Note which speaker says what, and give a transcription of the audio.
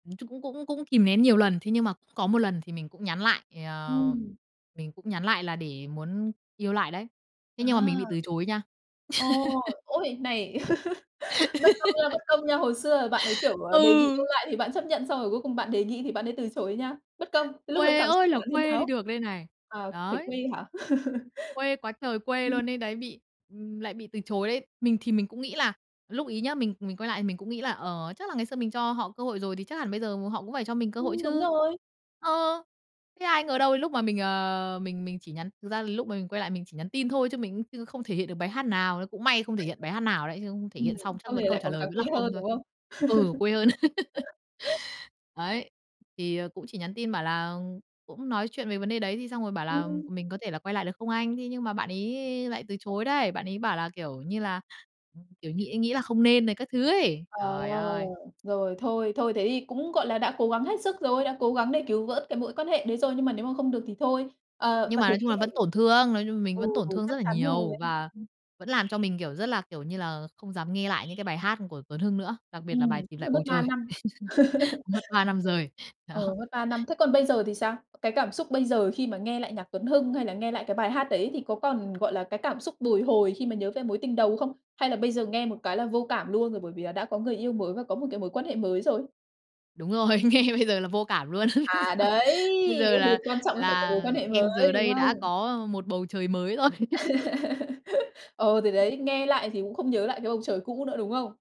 Speaker 1: Nói chung cũng cũng cũng kìm nén nhiều lần. Thế nhưng mà cũng có một lần thì mình cũng nhắn lại, ờ,
Speaker 2: Ừm.
Speaker 1: mình cũng nhắn lại là để muốn yêu lại đấy. Thế nhưng mà mình bị
Speaker 2: À.
Speaker 1: từ chối nha.
Speaker 2: Ồ, ôi này bất công nha, bất công nha! Hồi xưa bạn ấy, kiểu, đề nghị yêu
Speaker 1: Ừ.
Speaker 2: lại thì bạn chấp nhận xong rồi cuối cùng bạn đề nghị thì bạn ấy từ chối nha. Bất công! Lúc đấy
Speaker 1: Quê
Speaker 2: cảm
Speaker 1: ơi
Speaker 2: xúc của
Speaker 1: là
Speaker 2: bạn thế
Speaker 1: quê đi
Speaker 2: nào?
Speaker 1: được đây này.
Speaker 2: Ờ, thấy
Speaker 1: Đấy.
Speaker 2: quê hả?
Speaker 1: Quê quá trời quê
Speaker 2: Ừm.
Speaker 1: luôn ấy đấy bị ừm, lại bị từ chối đấy! Mình thì mình cũng nghĩ là lúc ấy nhá, mình mình quay lại thì mình cũng nghĩ là, ờ, chắc là ngày xưa mình cho họ cơ hội rồi thì chắc hẳn bây giờ họ cũng phải cho mình cơ hội
Speaker 2: Ừm, đúng
Speaker 1: chứ.
Speaker 2: rồi.
Speaker 1: Ờ. Thế ai ngờ đâu, lúc mà mình, ờ, mình mình chỉ nhắn thực ra là lúc mà mình quay lại mình chỉ nhắn tin thôi chứ mình cũng như không thể hiện được bài hát nào, cũng may không thể hiện bài hát nào đấy, chứ không thể
Speaker 2: Ừm,
Speaker 1: hiện xong chắc
Speaker 2: xong
Speaker 1: vẫn
Speaker 2: rồi
Speaker 1: câu
Speaker 2: lại
Speaker 1: trả
Speaker 2: còn
Speaker 1: lời
Speaker 2: càng
Speaker 1: vẫn là
Speaker 2: quê
Speaker 1: không
Speaker 2: hơn,
Speaker 1: thôi.
Speaker 2: đúng không?
Speaker 1: Ừ, quê hơn. Đấy. Thì cũng chỉ nhắn tin bảo là cũng nói chuyện về vấn đề đấy thì xong rồi bảo
Speaker 2: Ừm,
Speaker 1: là
Speaker 2: ừm.
Speaker 1: "Mình có thể là quay lại được không anh?" Thế nhưng mà bạn ấy lại từ chối đấy. Bạn ấy bảo là, kiểu như là, ừm, kiểu, nghĩ nghĩ là không nên rồi các thứ ấy.
Speaker 2: Ờ.
Speaker 1: Trời ơi!
Speaker 2: Rồi, thôi thôi thế thì cũng, gọi là, đã cố gắng hết sức rồi, đã cố gắng đề cứu vớt cái mối quan hệ đấy rồi nhưng mà nếu mà không được thì thôi. Ờ,
Speaker 1: Nhưng
Speaker 2: bạn
Speaker 1: mà
Speaker 2: đấy
Speaker 1: nói chung
Speaker 2: cũng
Speaker 1: là
Speaker 2: thử
Speaker 1: vẫn tổn thương, nói chung là mình
Speaker 2: Ừ,
Speaker 1: vẫn tổn thương rất
Speaker 2: chắc
Speaker 1: là
Speaker 2: chắn rồi,
Speaker 1: nhiều
Speaker 2: ừ,
Speaker 1: và
Speaker 2: ừm.
Speaker 1: vẫn làm cho mình, kiểu, rất là, kiểu như là, không dám nghe lại những cái bài hát của Tuấn Hưng nữa. Đặc
Speaker 2: Ừm,
Speaker 1: biệt là bài
Speaker 2: cũng
Speaker 1: "Tìm Lại
Speaker 2: phải mất
Speaker 1: Bầu
Speaker 2: 3
Speaker 1: Trời,"
Speaker 2: năm.
Speaker 1: mất 3 năm trời.
Speaker 2: Ờ,
Speaker 1: Đó.
Speaker 2: mất 3 năm. Thế còn bây giờ thì sao? Cái cảm xúc bây giờ khi mà nghe lại nhạc Tuấn Hưng hay là nghe lại cái bài hát đấy thì có còn, gọi là, cái cảm xúc bồi hồi khi mà nhớ về mối tình đầu không? Hay là bây giờ nghe một cái là vô cảm luôn rồi, bởi vì là đã có người yêu mới và có một cái mối quan hệ mới rồi.
Speaker 1: Đúng rồi, nghe bây giờ là vô cảm luôn.
Speaker 2: À, đấy,
Speaker 1: Bây giờ là
Speaker 2: quan trọng là phải có
Speaker 1: là
Speaker 2: mối quan hệ
Speaker 1: em giờ
Speaker 2: mới, đúng
Speaker 1: đây đã
Speaker 2: không?
Speaker 1: có một bầu trời mới rồi.
Speaker 2: Ừ, thì đấy, nghe lại thì cũng không nhớ lại cái bầu trời cũ nữa, đúng không?